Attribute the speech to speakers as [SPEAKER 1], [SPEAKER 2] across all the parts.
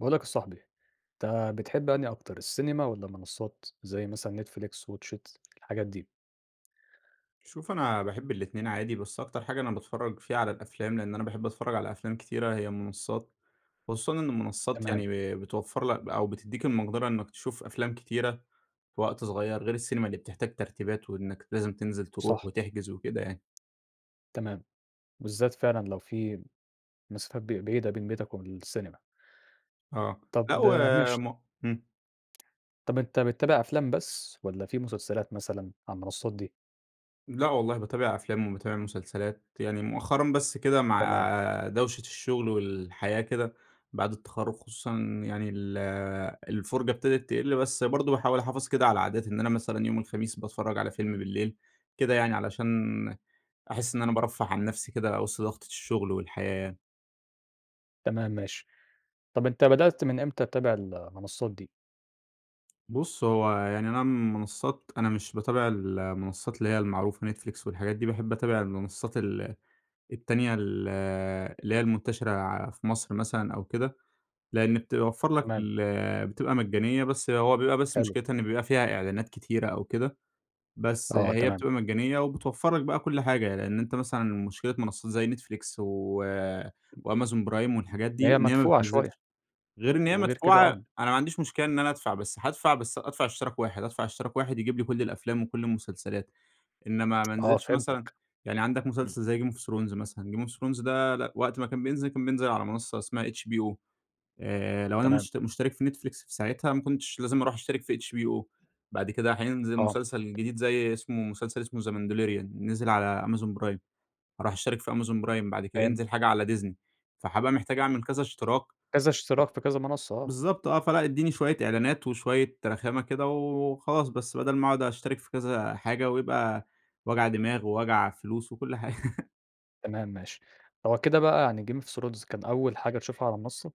[SPEAKER 1] باقول لك يا صاحبي، أنت بتحب أنهي أكتر السينما، والّا منصات زي مثلًا ،Netflix، WATCH IT الحاجات دي؟
[SPEAKER 2] شوف أنا باحب الاتنين عادي، بس أكتر حاجة أنا باتفرّج فيها على الأفلام، لأن أنا باحب أتفرّج على أفلام كتيرة هي المنصات، خصوصًا إن المنصات
[SPEAKER 1] تمام.
[SPEAKER 2] يعني ب بتوفر لك ب أو بتدّيك المقدرة إنّك تشوف أفلام كتيرة في وقت صغيّر غير السينما، اللي بتحتاج ترتيبات وإنّك لازم تنزل تروح
[SPEAKER 1] صح.
[SPEAKER 2] وتحجز وكده يعني.
[SPEAKER 1] تمام، بالذات فعلًا لو في مسافات ب بعيدة بين بيتك وبين السينما.
[SPEAKER 2] آه،
[SPEAKER 1] طب
[SPEAKER 2] لأ
[SPEAKER 1] ماشي.
[SPEAKER 2] وم امم
[SPEAKER 1] طب أنت بتتابع أفلام بس، والَّا في مسلسلات مثلًا على المنصات دي؟
[SPEAKER 2] لأ والله باتابع أفلام وباتابع مسلسلات، يعني مؤخرًا بس كده
[SPEAKER 1] تمام
[SPEAKER 2] مع دوشة الشغل والحياة كده، بعد التخرج خصوصًا يعني ال الفرجة ابتدت تقِل، بس برضو باحاول أحافظ كده على عادات، إن أنا مثلًا يوم الخميس باتفرّج على فيلم بالليل كده يعني، علشان أحس إن أنا بارفه عن نفسي كده وسط ضغطة الشغل والحياة.
[SPEAKER 1] تمام ماشي، طب أنت بدأت من إمتى تتابع ال المنصات دي؟
[SPEAKER 2] بُص، هو يعني أنا منصات أنا مش باتابع ال المنصات اللي هي المعروفة Netflix والحاجات دي باحب أتابع المنصات ال التانية ال اللي هي المنتشرة ع في مصر مثلًا أو كده، لأن بتوفر لك
[SPEAKER 1] تمام.
[SPEAKER 2] ال بتبقى مجانية بس هو بيبقى بس
[SPEAKER 1] حلو.
[SPEAKER 2] مشكلتها إن بيبقى فيها إعلانات كتيرة أو كده، بس
[SPEAKER 1] آه،
[SPEAKER 2] هي
[SPEAKER 1] تمام.
[SPEAKER 2] بتبقى مجانية وبتوفر لك بقى كل حاجة، لأن أنت مثلًا مشكلة منصات زي Netflix و وAmazon Prime والحاجات
[SPEAKER 1] إن
[SPEAKER 2] دي
[SPEAKER 1] هي
[SPEAKER 2] إن هي ما
[SPEAKER 1] مدفوعة شوية
[SPEAKER 2] بتنزلش غير إن هي
[SPEAKER 1] وغير كده
[SPEAKER 2] مدفوعة
[SPEAKER 1] آه.
[SPEAKER 2] أنا ما عنديش مشكلة إن أنا ادفع بس هادفع بس ادفع اشتراك واحد ادفع اشتراك واحد يجيب لي كل الأفلام وكل المسلسلات، إنمَّا ما
[SPEAKER 1] آه،
[SPEAKER 2] انزلش مثلًا
[SPEAKER 1] فهمتك،
[SPEAKER 2] يعني عندك
[SPEAKER 1] همم.
[SPEAKER 2] مسلسل زي game of thrones مثلًا game of thrones ده لأ وقت ما كان بينزل كان بينزل على منصة اسمها HBO آآ، لو أنا
[SPEAKER 1] تمام.
[SPEAKER 2] مشت مشترك في Netflix في ساعتها ما كنتش لازم أروح أشترك في HBO بعد كده حينزل
[SPEAKER 1] آه.
[SPEAKER 2] مسلسل جديد زي اسمه مسلسل اسمه the mandalorian نزل على Amazon Prime، هاروح اشترك في Amazon Prime بعد كده
[SPEAKER 1] فهمتك.
[SPEAKER 2] هينزل حاجة على Disney فحابقى محتاج أعمل كذا اشتراك
[SPEAKER 1] كذا اشتراك في كذا منصة، آه.
[SPEAKER 2] بالضبط آه، فلأ إديني شوية اعلانات وشوية رخامة كده وخلاص، بس بدل ما اقعد اشترك في كذا حاجة، ويبقى وجع دماغ ووجع فلوس وكل حاجة.
[SPEAKER 1] تمام ماشي، هو كده بقى يعني game of thrones كان أول حاجة تشوفها على منصة؟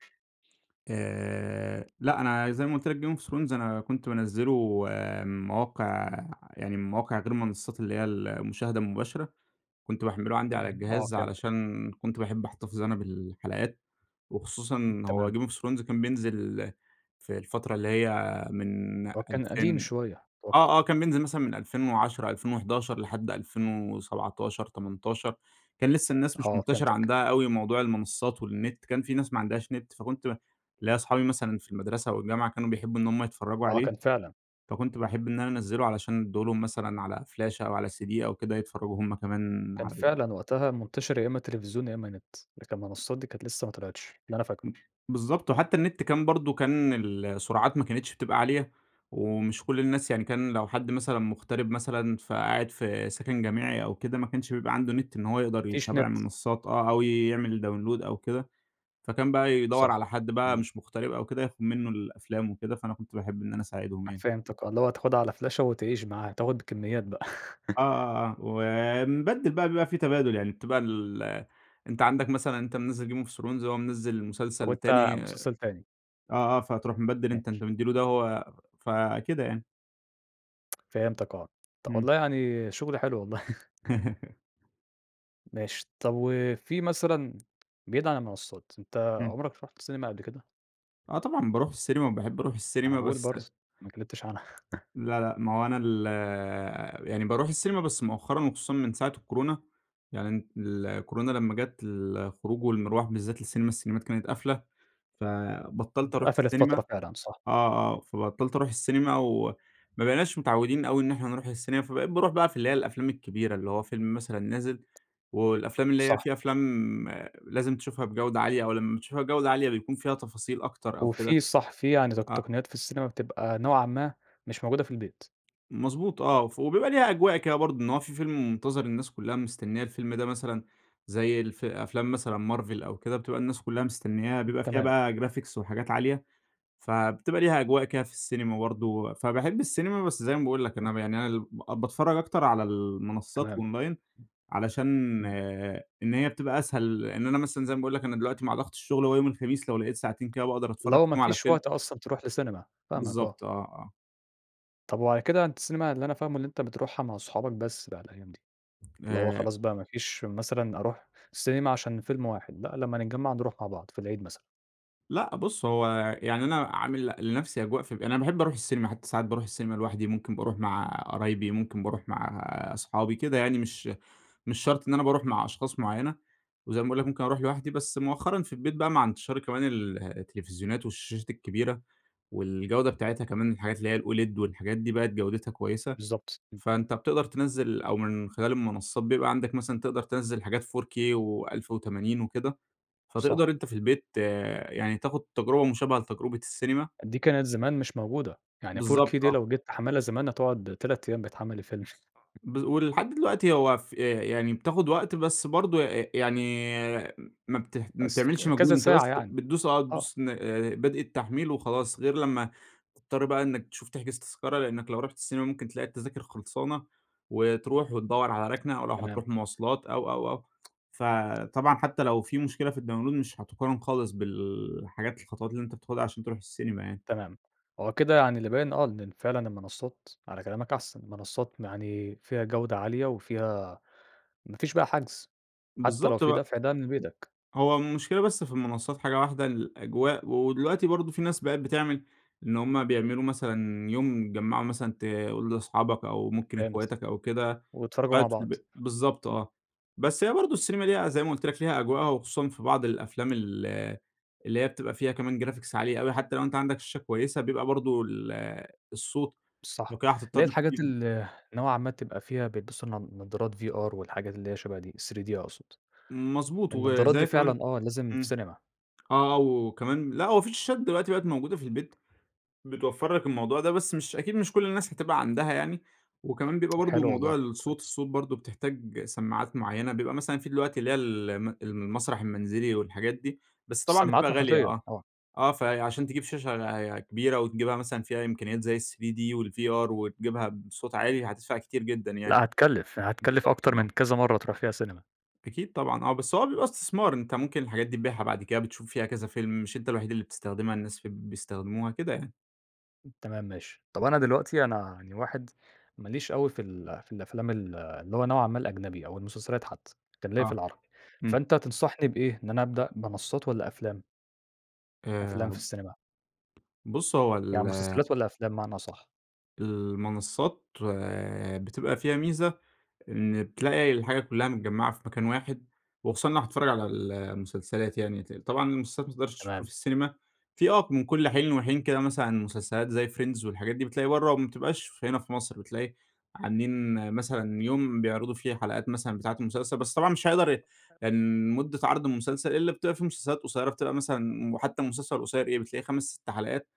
[SPEAKER 2] آآ لأ، أنا زي ما قُلت لك Game of Thrones أنا كنت بانزله من مواقع يعني من مواقع غير المنصات اللي هي المشاهدة المباشرة، كنت باحمّله عندي على
[SPEAKER 1] امم، آه
[SPEAKER 2] الجهاز،
[SPEAKER 1] فهمتك.
[SPEAKER 2] علشان كنت باحب أحتفظ أنا بالحلقات،
[SPEAKER 1] امم،
[SPEAKER 2] وخصوصًا هو
[SPEAKER 1] تمام.
[SPEAKER 2] Game of Thrones كان بينزل في الفترة اللي هي من
[SPEAKER 1] هو كان قديم
[SPEAKER 2] ألفين
[SPEAKER 1] شوية،
[SPEAKER 2] آه،
[SPEAKER 1] أتوقّع.
[SPEAKER 2] آه كان بينزل مثلًا من 2010 2011 لحد 2017، 18 كان لسه الناس مش
[SPEAKER 1] آه،
[SPEAKER 2] منتشرة
[SPEAKER 1] فهمتك.
[SPEAKER 2] عندها أوي موضوع المنصات والنت، كان في ناس ما عندهاش نت، فكنت ليَّ صحابي مثلًا في المدرسة أو الجامعة كانوا بيحبوا إن هُم يتفرجوا
[SPEAKER 1] آه،
[SPEAKER 2] عليه،
[SPEAKER 1] كان فعلًا.
[SPEAKER 2] فكنت باحب إن أنا أنزلُه، علشان اديه لهُم مثلًا على فلاشة أو على CD أو كده يتفرجوا هُم كمان
[SPEAKER 1] كان
[SPEAKER 2] عليه.
[SPEAKER 1] فعلًا وقتها منتشر يا إما تلفزيون يا إما نت، لكن المنصات دي كانت لسه ما طلعتش، اللي أنا فاكره.
[SPEAKER 2] امم، بالضبط وحتى النت كان برضه كان ال السُرعات ما كانتش بتبقى عالية، ومش كل الناس يعني كان لو حد مثلًا مغترب مثلًا، فقاعد في سكن جامعي أو كده، ما كانش بيبقى عنده نت إن هو يقدر
[SPEAKER 1] ما فيش
[SPEAKER 2] يتابع
[SPEAKER 1] نت.
[SPEAKER 2] المنصات آه، أو يعمل Download أو كده، فكان بقى يدور على
[SPEAKER 1] صح،
[SPEAKER 2] حد بقى
[SPEAKER 1] تمام.
[SPEAKER 2] مش مُغترب أو كده، ياخد منه الأفلام وكده، فأنا كنت باحب إن أنا أساعدهم
[SPEAKER 1] [unintelligible]
[SPEAKER 2] يعني.
[SPEAKER 1] فهمتك آه، اللي هو تاخدها على فلاشة وتعيش معاها، تاخد كميات بقى.
[SPEAKER 2] آه، آه، آه، و بنبدل بقى بيبقى في تبادل، يعني بتبقى ال أنت عندك مثلًا أنت منزل Game of Thrones هو منزل مسلسل
[SPEAKER 1] وأنت
[SPEAKER 2] تاني آه،
[SPEAKER 1] مسلسل تاني.
[SPEAKER 2] آه فتروح مبدّل أنت،
[SPEAKER 1] ماشي.
[SPEAKER 2] أنت مدِّي له ده وهو فكده يعني.
[SPEAKER 1] فهمتك آه، طب
[SPEAKER 2] إمم.
[SPEAKER 1] والله يعني شغل حلو والله. ماشي، طب وفي مثلًا بعيد على المنصات، أنت
[SPEAKER 2] إمم.
[SPEAKER 1] عمرك رُحت سينما قبل كده؟
[SPEAKER 2] آه طبعًا، باروح السينما وباحب اروح
[SPEAKER 1] ما أنا
[SPEAKER 2] السينما
[SPEAKER 1] باقول
[SPEAKER 2] بس
[SPEAKER 1] برضه، ما اتكلمتش عنها.
[SPEAKER 2] لا، لا، ما هو أنا ال يعني باروح السينما بس مؤخرًا وخصوصًا من ساعة الكورونا، يعني ال الكورونا لمَّا جات، الخروج والمرواح بالذات للسينما، السينمات كانت قافلة، فبطَّلت اروح
[SPEAKER 1] قفلت
[SPEAKER 2] السينما،
[SPEAKER 1] فترة فعلًا، صح.
[SPEAKER 2] آه، آه، فبطَّلت اروح السينما، وما بقيناش متعوِّدين أوي إن احنا نروح السينما، فبقيت باروح بقى في اللي هي الأفلام الكبيرة، اللي هو فيلم مثلًا نازل، والأفلام اللي هي
[SPEAKER 1] صح.
[SPEAKER 2] في أفلام لازم تشوفها بجودة عالية، أو لمَّا بتشوفها بجودة عالية بيكون فيها تفاصيل أكتر أو كده،
[SPEAKER 1] وفي صح في يعني تق
[SPEAKER 2] أ
[SPEAKER 1] تقنيات في السينما بتبقى نوعًا ما، مش موجودة في البيت.
[SPEAKER 2] مضبوط آه، ف وبيبقى ليها أجواء كده برضه، إن هو في فيلم منتظر، الناس كلها مستنية الفيلم ده مثلًا، زي الف أفلام مثلًا Marvel أو كده، بتبقى الناس كلها مستنياها،
[SPEAKER 1] امم،
[SPEAKER 2] بيبقى فيها
[SPEAKER 1] تمام.
[SPEAKER 2] بقى Graphics وحاجات عالية، فبتبقى ليها أجواء كده في السينما برضه و فباحب السينما، بس زي ما باقول لك أنا ب يعني أنا ال باتفرج أكتر على المنصات
[SPEAKER 1] تمام.
[SPEAKER 2] أونلاين، علشان
[SPEAKER 1] إمم.
[SPEAKER 2] إن هي بيتبقى أسهل إن أنا مثلًا زي ما باقول لك أنا دلوقتي مع ضغط الشغل هو يوم الخميس لو لقيت ساعتين كده باقدر
[SPEAKER 1] اللي
[SPEAKER 2] اتفرج
[SPEAKER 1] هو ما
[SPEAKER 2] فيهم على
[SPEAKER 1] فيش
[SPEAKER 2] فيلم.
[SPEAKER 1] وقت أصلًا تروح لسينما، فاهمك آه.
[SPEAKER 2] بالضبط، آه، آه.
[SPEAKER 1] طب وعلى كده أنت السينما اللي أنا فاهمُه اللي أنت بتروحها مع صحابك بس بقى الأيام دي، اللي هو
[SPEAKER 2] آآ
[SPEAKER 1] خلاص بقى ما فيش مثلًا أروح سينما عشان فيلم واحد، لأ لمَّا نتجمَّع نروح مع بعض في العيد مثلًا.
[SPEAKER 2] لأ، بُص هو يعني أنا عامل ل لنفسي أجواء ف أنا باحب اروح السينما، حتى ساعات باروح السينما لوحدي، ممكن باروح مع قرايبي، ممكن باروح مع اصحابي، كده يعني مش مش شرط إن أنا باروح مع أشخاص معينة، وزي ما باقول لك ممكن اروح لوحدي، بس مؤخرًا في البيت بقى مع انتشار كمان ال التلفزيونات والشاشات الكبيرة والجودة بتاعتها كمان الحاجات اللي هي الOLED والحاجات دي بقِت جودتها كويسة،
[SPEAKER 1] بالضبط، امم.
[SPEAKER 2] فأنت بتقدر تنزّل أو من خلال المنصات بيبقى عندك مثلًا تقدر تنزّل حاجات 4K و1080 وكده،
[SPEAKER 1] صح.
[SPEAKER 2] فتقدر أنت في البيت يعني تاخد تجربة مشابهة لتجربة السينما.
[SPEAKER 1] دي كانت زمان مش موجودة، يعني 4K
[SPEAKER 2] بالضبط،
[SPEAKER 1] دي
[SPEAKER 2] آه.
[SPEAKER 1] لو جيت تحمِّلها زمان هتقعد 3 أيام بتحمِّل الفيلم.
[SPEAKER 2] [unintelligible] بال ولحد دلوقتي هو ف آآ يعني بتاخد وقت، بس برضه أ ي يعني ما بته ما
[SPEAKER 1] بس
[SPEAKER 2] بتعملش
[SPEAKER 1] فك
[SPEAKER 2] مجهود،
[SPEAKER 1] كذا
[SPEAKER 2] أنت
[SPEAKER 1] ساعة
[SPEAKER 2] بس
[SPEAKER 1] يعني،
[SPEAKER 2] بتدوس آه،
[SPEAKER 1] آه.
[SPEAKER 2] بتدوس ن آآ، بدء التحميل وخلاص، غير لما تضطر بقى إنك تشوف تحجز تذكرة، لأنك لو رُحت السينما ممكن تلاقي التذاكر خلصانة، وتروح وتدوّر على ركنة أو لو
[SPEAKER 1] تمام.
[SPEAKER 2] هتروح مواصلات أو أو أو فطبعًا حتى لو في مشكلة في الdownload مش هتقارن خالص بالحاجات الخطوات اللي أنت بتاخدها عشان تروح السينما يعني.
[SPEAKER 1] تمام، هو كده يعني اللي باين آه إن فعلًا المنصات على كلامك أحسن، منصات يعني فيها جودة عالية، وفيها ما فيش بقى حجز، حتى لو
[SPEAKER 2] بالضبط
[SPEAKER 1] في
[SPEAKER 2] بق
[SPEAKER 1] دفع ده من بيتك.
[SPEAKER 2] هو المشكلة بس في المنصات حاجة واحدة، الأجواء و دلوقتي برضه في ناس بقِت بتعمل إن هم بيعملوا مثلًا يوم يتجمعوا مثلًا تقول لأصحابك أو ممكن
[SPEAKER 1] فهمت،
[SPEAKER 2] اخواتك أو كده،
[SPEAKER 1] واتفرجوا مع
[SPEAKER 2] قاعد في
[SPEAKER 1] بعض،
[SPEAKER 2] البيت بالضبط
[SPEAKER 1] امم.
[SPEAKER 2] آه، بس هي برضه السينما ليها زي ما قلت لك ليها أجوائها، وخصوصًا في بعض الأفلام ال اللي هي بتبقى فيها كمان Graphics عالية أوي حتى لو أنت عندك شاشة كويسة، بيبقى برضه ال الصوت لو
[SPEAKER 1] صح،
[SPEAKER 2] كده
[SPEAKER 1] اللي
[SPEAKER 2] هتضطر
[SPEAKER 1] هي الحاجات
[SPEAKER 2] تجيب
[SPEAKER 1] ال نوعًا ما تبقى فيها بيلبسوا نض نضارات VR والحاجات اللي هي شبه دي ال3d أقصد،
[SPEAKER 2] مضبوط،
[SPEAKER 1] النضارات
[SPEAKER 2] وزي
[SPEAKER 1] دي
[SPEAKER 2] كمان
[SPEAKER 1] فعلًا آه، لازم في
[SPEAKER 2] امم،
[SPEAKER 1] سينما.
[SPEAKER 2] آه وكمان لأ هو في شاشات دلوقتي بقِت موجودة في البيت بتوفر لك الموضوع ده، بس مش أكيد مش كل الناس هتبقى عندها يعني، وكمان بيبقى برضه
[SPEAKER 1] حلو
[SPEAKER 2] موضوع
[SPEAKER 1] والله،
[SPEAKER 2] الصوت
[SPEAKER 1] كويس.
[SPEAKER 2] الصوت برضه بتحتاج سماعات معيَّنة بيبقى مثلًا في دلوقتي اللي هي الم المسرح المنزلي والحاجات دي، بس طبعًا بتبقى
[SPEAKER 1] السماعات
[SPEAKER 2] غالية،
[SPEAKER 1] محيطية،
[SPEAKER 2] آه
[SPEAKER 1] آه.
[SPEAKER 2] آه فعشان تجيب شاشة كبيرة، وتجيبها مثلًا فيها إمكانيات زي ال3D والVR وتجيبها بصوت عالي هتدفع كتير جدًا يعني،
[SPEAKER 1] لأ، هتكلِّف يعني هتكلِّف
[SPEAKER 2] بالضبط
[SPEAKER 1] أكتر
[SPEAKER 2] آه.
[SPEAKER 1] من كذا مرة تروح فيها سينما.
[SPEAKER 2] أكيد طبعًا آه، بس هو بيبقى استثمار، أنت ممكن الحاجات دي تبيعها بعد كده، بتشوف فيها كذا فيلم، مش أنت الوحيد اللي بتستخدمها، الناس ف بيستخدموها، كده يعني.
[SPEAKER 1] تمام ماشي، طب أنا دلوقتي أنا يعني واحد، ماليش أوي في ال في الأفلام ال اللي هو نوعًا ما الأجنبي أو المسلسلات حتّى، كان ليَّ في
[SPEAKER 2] آه،
[SPEAKER 1] العربي،
[SPEAKER 2] إمم.
[SPEAKER 1] فأنت تنصحني بإيه، إن أنا أبدأ منصات والّا أفلام؟
[SPEAKER 2] آآ
[SPEAKER 1] أفلام في السينما؟
[SPEAKER 2] بُص هو
[SPEAKER 1] يعني
[SPEAKER 2] ال
[SPEAKER 1] مسلسلات والّا أفلام بمعنى أصح؟
[SPEAKER 2] المنصات، بتبقى فيها ميزة، إن بتلاقي الحاجة كلّها متجمعة في مكان واحد، وخصوصًا لو أنا هاتفرج على المسلسلات يعني، ط طبعًا المسلات ما تقدرش تشوفها
[SPEAKER 1] تمام.
[SPEAKER 2] في السينما، في آه من كل حين وحين كده مثلًا مسلسلات زي Friends والحاجات دي، بتلاقي برّه وما بتبقاش هنا في مصر، بتلاقي عاملين مثلًا يوم بيعرضوا فيه حلقات مثلًا بتاعة المسلسل، بس طبعًا مش هيقدر أ
[SPEAKER 1] أ
[SPEAKER 2] إن مدة عرض المسلسل إلا بتبقى في مسلسلات قصيّرة، بتبقى مثلًا وحتّى مسلسل القصيّر إيه؟ بتلاقي 5، 6 حلقات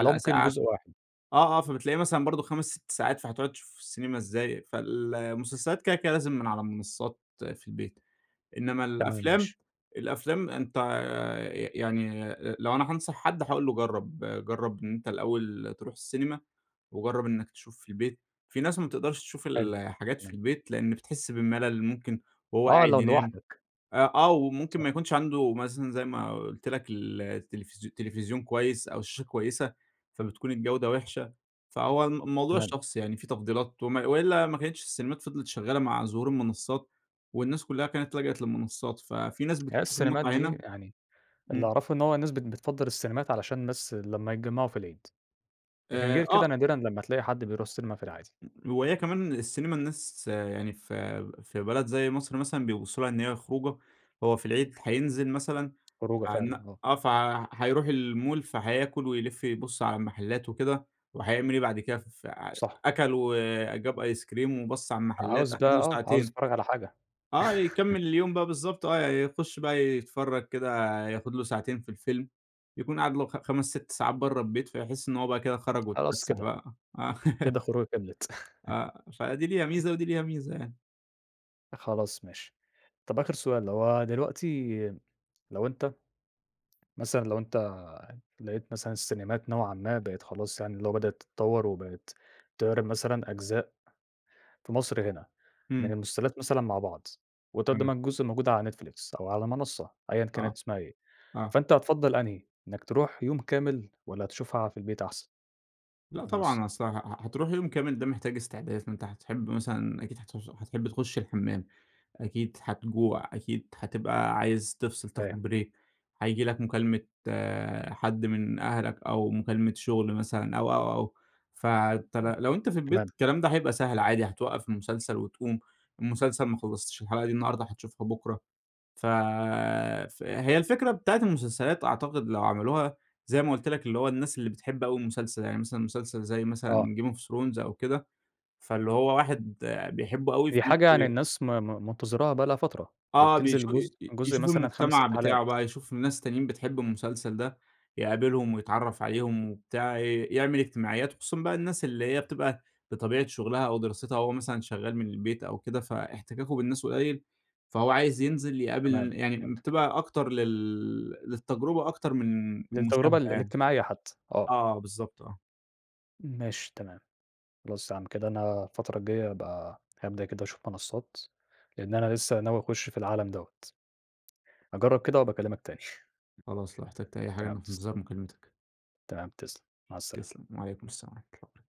[SPEAKER 1] اللي هو ممكن
[SPEAKER 2] ساعة
[SPEAKER 1] جزء واحد.
[SPEAKER 2] آه، آه، فبتلاقيه مثلًا برضو 5، 6 ساعات فهتقعد تشوفه في السينما إزاي؟ فال المسلسلات كده كده لازم من على منصات في البيت، إنّما
[SPEAKER 1] تمام،
[SPEAKER 2] الأفلام،
[SPEAKER 1] ماشي.
[SPEAKER 2] الأفلام أنت ي ي يعني أ لو أنا هانصح حد هاقول له جرّب، جرّب أنت الأوّل تروح السينما، وجرّب إنّك تشوف في البيت. في ناس ما بتقدرش تشوف
[SPEAKER 1] حلو،
[SPEAKER 2] الحاجات في
[SPEAKER 1] تمام.
[SPEAKER 2] البيت؛ لأن بتحس بالملل، ممكن وهو
[SPEAKER 1] آه،
[SPEAKER 2] قاعد
[SPEAKER 1] لو
[SPEAKER 2] ينام،
[SPEAKER 1] لوحدك.
[SPEAKER 2] أ آه وممكن
[SPEAKER 1] صح.
[SPEAKER 2] ما يكونش عنده مثلًا زي ما قلت لك ال التلفزيو تلفزيون كويّس أو شاشة كويّسة، فبتكون الجودة وحشة، فهو الم الموضوع
[SPEAKER 1] تمام.
[SPEAKER 2] شخصي يعني، في تفضيلات وم وإلا ما كانتش السينمات فضلت شغّالة مع ظهور المنصات، والناس كلّها كانت لجأت للمنصات، ففي ناس
[SPEAKER 1] هي
[SPEAKER 2] بتشوف
[SPEAKER 1] السينمات
[SPEAKER 2] المتعة
[SPEAKER 1] دي
[SPEAKER 2] هنا
[SPEAKER 1] يعني، اللي
[SPEAKER 2] إمم.
[SPEAKER 1] أعرفه إن هو الناس بت بتفضل السينمات علشان بس لمّا يتجمعوا في العيد، لكن
[SPEAKER 2] آآ،
[SPEAKER 1] غير كده
[SPEAKER 2] آه.
[SPEAKER 1] نادرًا لمّا تلاقي حد بيروح السينما في العادي.
[SPEAKER 2] [unintelligible] وهي كمان السينما الناس يعني في في بلد زي مصر مثلًا بيبصوا لها إن هي خروجة، هو في العيد هينزل مثلًا،
[SPEAKER 1] خروجة فعلًا،
[SPEAKER 2] عن
[SPEAKER 1] آه.
[SPEAKER 2] آه، فهيروح المول فهياكل ويلف يبص على المحلات وكده، وهيعمل إيه بعد كده؟ ف
[SPEAKER 1] صح.
[SPEAKER 2] أكل وجاب أيس كريم وبَص على المحلات،
[SPEAKER 1] عاوز
[SPEAKER 2] أخد
[SPEAKER 1] بقى،
[SPEAKER 2] له
[SPEAKER 1] آه، عاوز
[SPEAKER 2] ساعتين
[SPEAKER 1] أتفرج على حاجة
[SPEAKER 2] آه يكمل اليوم بقى بالضبط، آه يخش بقى يتفرج كده، ياخد له ساعتين في الفيلم، يكون قَعد له خ خمس، 6 ساعات برّه البيت، فيحس إنّه هو بقى كده خرج
[SPEAKER 1] خلاص
[SPEAKER 2] واتفسح
[SPEAKER 1] كده،
[SPEAKER 2] بقى آه
[SPEAKER 1] كده الخروجة كملت
[SPEAKER 2] آه، فدي ليها ميزة، ودي ليها ميزة يعني.
[SPEAKER 1] خلاص ماشي. طب آخر سؤال لو هُو دلوقتي لو أنت مثلًا، لو أنت لقيت مثلًا السينيمات نوعًا ما بقِت خلاص يعني اللي هُو بدأت تتطور، وبَقِت تعرض مثلًا أجزاء في مصر هنا، من
[SPEAKER 2] إمم.
[SPEAKER 1] المسلسلات مثلًا مع بعض، وتقدم
[SPEAKER 2] [unintelligible]
[SPEAKER 1] الجزء الموجود على Netflix، أو على مَنصة أيًا
[SPEAKER 2] آه،
[SPEAKER 1] كانت اسمها إيه،
[SPEAKER 2] آه.
[SPEAKER 1] فأنت هتفَضّل أنهي؟ إنَّك تروح يوم كامل، والّا هتشوفها في البيت أحسن
[SPEAKER 2] لأ
[SPEAKER 1] على المَنصة؟
[SPEAKER 2] طبعًا، أصل ه ه هتروح يوم كامل ده محتاج استعداد، فأنت هتحب مثلًا أكيد هتوص هتحب تخُش الحمام، أكيد هتجوع، أكيد هتبقى عايز تِفصل،
[SPEAKER 1] أيوه.
[SPEAKER 2] تاخُد بريك هييجي لك مكالمة حد من أهلك، أو مكالمة شُغل مثلًا، أو، أو، أو، ف
[SPEAKER 1] امم،
[SPEAKER 2] تر لو أنت في البيت
[SPEAKER 1] تمام.
[SPEAKER 2] الكلام ده هيبقى سهل عادي هتَوقف المسلسل وتقوم، المسلسل ما خلصتش الحلقة دي النهارده هتشوفها بُكره، فَ فهي الفكرة بتاعة المسلسلات أعتقد لو عملوها زي ما قُلت لك اللي هو الناس اللي بتحب اوي المسلسل، يعني مثلًا مسلسل زي مثلًا
[SPEAKER 1] آه.
[SPEAKER 2] game of thrones أو كده، فاللي هُو واحد بيحبه اوي ف
[SPEAKER 1] هي حاجة يعني
[SPEAKER 2] [unintelligible]
[SPEAKER 1] الناس م م منتظراها بقالها فترة،
[SPEAKER 2] آه
[SPEAKER 1] وبتنزل
[SPEAKER 2] بيشو ي
[SPEAKER 1] جزء،
[SPEAKER 2] ي
[SPEAKER 1] الجزء
[SPEAKER 2] يشوفوا
[SPEAKER 1] مثلًا 5، 6
[SPEAKER 2] المجتمع بتاعه
[SPEAKER 1] حلقات.
[SPEAKER 2] بقى، يشوفوا ناس تانيين بتحب المسلسل ده، يقابلهم، ويتعرف عليهم وبتاع، ي يعمل إجتماعيات، وخصوصًا بقى الناس اللي هي بتبقى بطبيعة شغلها أو دراستها هُو مثلًًا شغال من البيت أو كده، فإحتكاكُه بالناس قُليل، فهُو عايز ينزل
[SPEAKER 1] تمام،
[SPEAKER 2] يقابل يعني
[SPEAKER 1] فهمتك.
[SPEAKER 2] بتبقى أكتر لل للتجربة أكتر من
[SPEAKER 1] للتجربة
[SPEAKER 2] المشاهدة
[SPEAKER 1] ال
[SPEAKER 2] يعني.
[SPEAKER 1] الاجتماعية حتّى، آه.
[SPEAKER 2] آه بالضبط، آه.
[SPEAKER 1] ماشي تمام، خلاص يعني كده أنا الفترة الجاية هابقى هابدأ كده أشوف منصات لأن أنا لسه ناوي أخُش في العالم دوّة. هاجرّب كده وأبقى أكلّمَك تاني
[SPEAKER 2] خلاص، لو احتاجت أي حاجة
[SPEAKER 1] تمام،
[SPEAKER 2] أنا في
[SPEAKER 1] تسلم.
[SPEAKER 2] إنتظار مكالمتك.
[SPEAKER 1] تمام تسلم، مع السلامة.
[SPEAKER 2] تسلم، وعليكم السلام ورحمة الله وبركاته.